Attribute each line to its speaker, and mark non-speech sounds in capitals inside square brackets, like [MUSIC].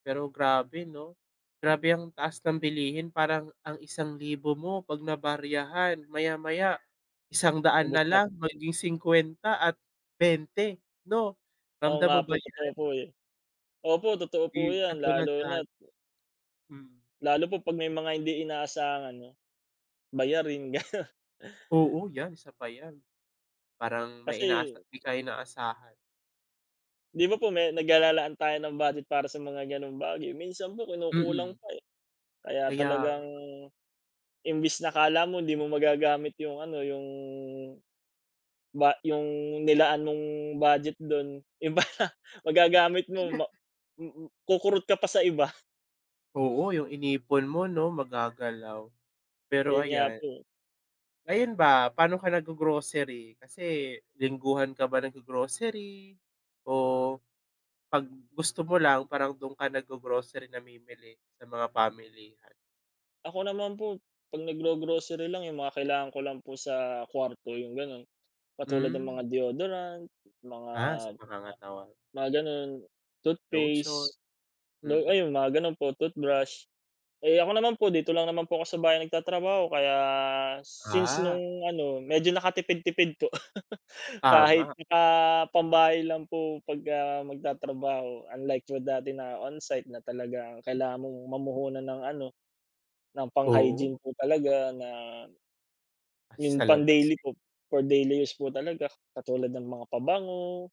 Speaker 1: Pero grabe 'no? Grabe ang taas ng bilihin. Parang ang 1,000 mo 'pag nabaryahan, maya-maya 100
Speaker 2: Ubos
Speaker 1: na
Speaker 2: nap
Speaker 1: lang, maging 50 at 20, 'no?
Speaker 2: Oo
Speaker 1: Ramdam
Speaker 2: nga
Speaker 1: mo
Speaker 2: po,
Speaker 1: ba
Speaker 2: totoo
Speaker 1: 'yan?
Speaker 2: po, eh. Opo, totoo
Speaker 1: 'Di,
Speaker 2: po yan
Speaker 1: katulad
Speaker 2: lalo
Speaker 1: da
Speaker 2: na't
Speaker 1: Hmm.
Speaker 2: lalo po 'pag may mga hindi inaasahan 'no? Bayarin gano'n.
Speaker 1: Oo, yan, isa pa yan. Parang may
Speaker 2: Kasi
Speaker 1: inaasa 'di ka inaasahan.
Speaker 2: 'Di ba po me nag ah, lalaan tayo ng budget para sa mga gano'ng bagay, minsan po kinukulang
Speaker 1: Mm.
Speaker 2: pa, eh. Kaya
Speaker 1: Kaya
Speaker 2: talagang
Speaker 1: nga.
Speaker 2: imbes na 'kala mo hindi mo magagamit yung ano, yung, ba yung nilaan mong budget do'n iba na. Magagamit mo ma mm, kukurot ka pa sa iba.
Speaker 1: Oo yung inipon mo 'no, magagalaw. Pero
Speaker 2: Yun nga
Speaker 1: ayan.
Speaker 2: po.
Speaker 1: Ngayon ba, pa'no ka naggo-grocery? Kasi lingguhan ka ba naggo-grocery o 'pag gusto mo lang, parang do'n ka naggo-grocery, namimili sa mga pamilihan?
Speaker 2: Ako naman po, 'pag naggo-grocery lang, yung mga kailangan ko lang po sa kuwarto, yung gano'n. Katulad ng
Speaker 1: Hmm.
Speaker 2: mga deodorant, mga
Speaker 1: Ah, sa pangangatawan.
Speaker 2: mga gano'n.
Speaker 1: Lotion,
Speaker 2: Toothpaste, lo
Speaker 1: mm.
Speaker 2: ayun mga gano'n po, toothbrush. Eh, ako naman po dito lang naman po ako sa bahay nagtatrabaho. Kaya since
Speaker 1: Ah.
Speaker 2: no'ng ano, medyo nakatipid-tipid po. [LAUGHS] Kahit
Speaker 1: Tama.
Speaker 2: naka pambahay lang po 'pag, ah, magtatrabaho unlike po dati na on-site na talaga, ah, kailangan mong mamuhunan ng ano, ng pang hygiene
Speaker 1: Oo.
Speaker 2: po talaga na, yung
Speaker 1: Sa
Speaker 2: pang
Speaker 1: labas,
Speaker 2: daily
Speaker 1: eh.
Speaker 2: po, for daily use po talaga, katulad ng mga pabango